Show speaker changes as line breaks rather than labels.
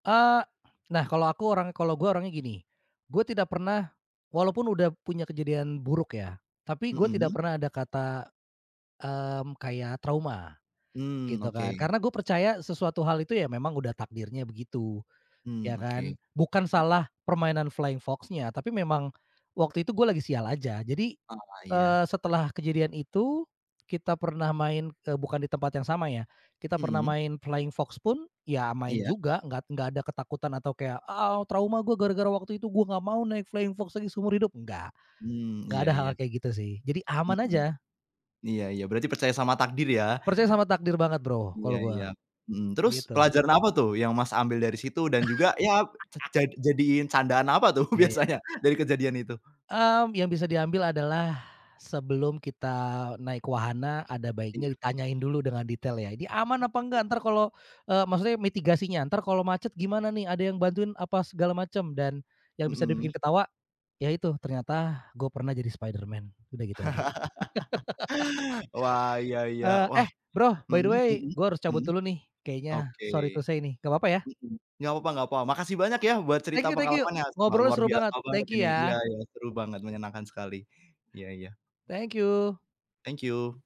Eee, nah kalau aku orang kalau gue orangnya gini, gue tidak pernah walaupun udah punya kejadian buruk ya, tapi gue tidak
Mhm.
pernah ada kata, mmm, kayak trauma,
Hmm,
gitu kan.
oke.
Karena gue percaya sesuatu hal itu ya, memang udah takdirnya begitu.
Hmm,
Ya kan?
oke.
Bukan salah permainan flying fox-nya, tapi memang waktu itu gue lagi sial aja. Jadi,
Oh, iya.
eee, setelah kejadian itu, kita pernah main eee, bukan di tempat yang sama ya, kita pernah
Mhm.
main flying fox pun ya main
Iya.
juga, nggak nggak ada ketakutan atau kayak, "Ah, trauma gua gara-gara waktu itu gua gak mau naik flying fox lagi seumur hidup!" Nggak.
Hmm,
Nggak
iya
ada
iya.
hal-hal kayak gitu sih. Jadi aman
Mhm,
aja.
iya iya. Berarti percaya sama takdir, ya?
Percaya sama takdir banget, Bro,
Iya
kalau
iya,
gua.
mhm, terus
Gitu.
pelajaran apa tuh yang, Mas, ambil dari situ dan juga, ya ja jadiin candaan apa tuh
Iya iya.
biasanya dari kejadian itu?
Mmm, yang bisa diambil adalah sebelum kita naik wahana, ada baiknya
Iya.
ditanyain dulu dengan detail ya, ini aman apa nggak? Entar kalau, eee, maksudnya mitigasinya, entar kalau macet gimana nih? Ada yang bantuin apa segala macem? Dan yang bisa dibikin
Mhm.
ketawa, ya itu ternyata gue pernah jadi Spiderman, udah gitu aja.
Wah, iya iya.
Eee,
Wah,
eh, Bro, by
mhm
the way
mhm
gue harus
mhm.
cabut dulu nih, kayaknya.
Oke,
Sorry to say nih. Nggak papa, ya?
mhm, nggak papa nggak papa. Makasih banyak ya, buat cerita
Thank you thank you!
pengalaman yang sangat
Ngobrolnya
luar
seru banget.
biasa banget
Thank
ini!
you,
Iya
ya!
iya. Seru banget, menyenangkan sekali. Iya iya.
Thank you!
Thank you!